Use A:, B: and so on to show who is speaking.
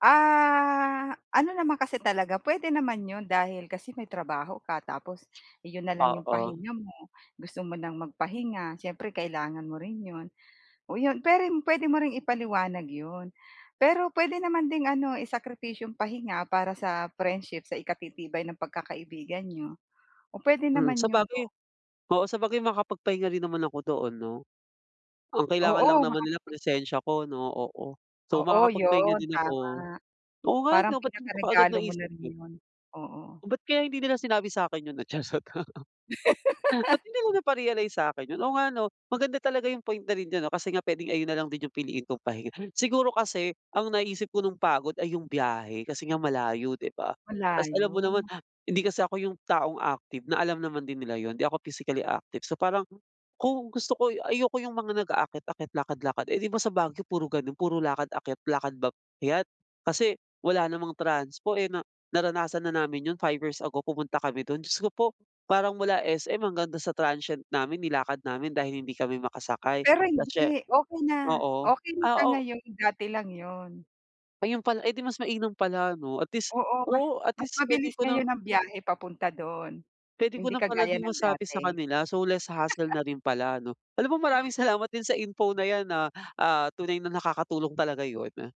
A: Ah, ano naman kasi talaga, puwede naman 'yon dahil kasi may trabaho ka, tapos 'yon na lang 'yong
B: Oo.
A: pahinga mo. Gusto mo nang magpahinga, siyempre kailangan mo rin 'yon, oh, iyon. Pero 'yun, puwede mo rin ipaliwanag 'yon, pero puwede naman ding ano isakripisyo 'yung pahinga para sa friendship sa ikatitibay ng pagkakaibigan n'yo. O, puwede
B: Hmm,
A: naman 'yun,
B: sabagay
A: o
B: oo sabagay makakapagpahinga rin naman ako doon 'no? Ang kailangan lang
A: Oo,
B: naman
A: baka
B: nila
A: naman.
B: presensya ko 'no, oo. So,
A: Oo,
B: makakapagpahinga
A: 'yun,
B: din ako.
A: tama.
B: Oo nga
A: Parang
B: ano ba't hindi ko kaagad
A: pinakaregalo mo na
B: naisip
A: rin
B: yun?
A: 'yun, oo.
B: Ba't kaya hindi nila sinabi sakin 'yun [unintelligible] ba't hindi mo na pa-realize sa'kin yun? Oo nga 'no, maganda talaga yung point na ring ganun kasi nga pwedeng ayun na lang din yung piliin kong pahinga. Siguro kasi ang naisip ko nung pagod ay 'yung biyahe kasi nga malayo 'di ba.
A: Wala
B: Ta's alam mo naman
A: 'yun.
B: ha hindi kasi ako yung taong active, na alam naman din nila 'yun hindi ako physically active. So parang, kung gusto ko ayoko yung mga nag-aakyat-akyat, lakad-lakad, eh, 'di ba sa Baguio puro ganun puro lakad-akyat, lakad akyat. Kasi wala namang transpo, eh, na naranasan na namin yun 5 years ago pumunta kami dun, Diyos ko po parang mula SM hanggang dun sa transient namin nilakad namin dahil hindi kami makasakay
A: Pero
B: kasi
A: hindi. Okey na,
B: oo,
A: okey na
B: ah,
A: siya
B: o
A: ngayon, dati lang yun.
B: ayun pala, eh, 'di mas mainam pala 'no, at least
A: Oo, mas
B: oo, at
A: mas
B: least puwede
A: mabilis
B: ko ng
A: ngayon ang biyahe papunta do'n,
B: puwede ko
A: hindi
B: na pala
A: kagaya
B: din
A: ng
B: masabi sa
A: dati.
B: kanila, so less hassle na rin pala ano. Alam mo maraming salamat din sa info na 'yan ah, ah, tunay na nakakatulong talaga 'yun.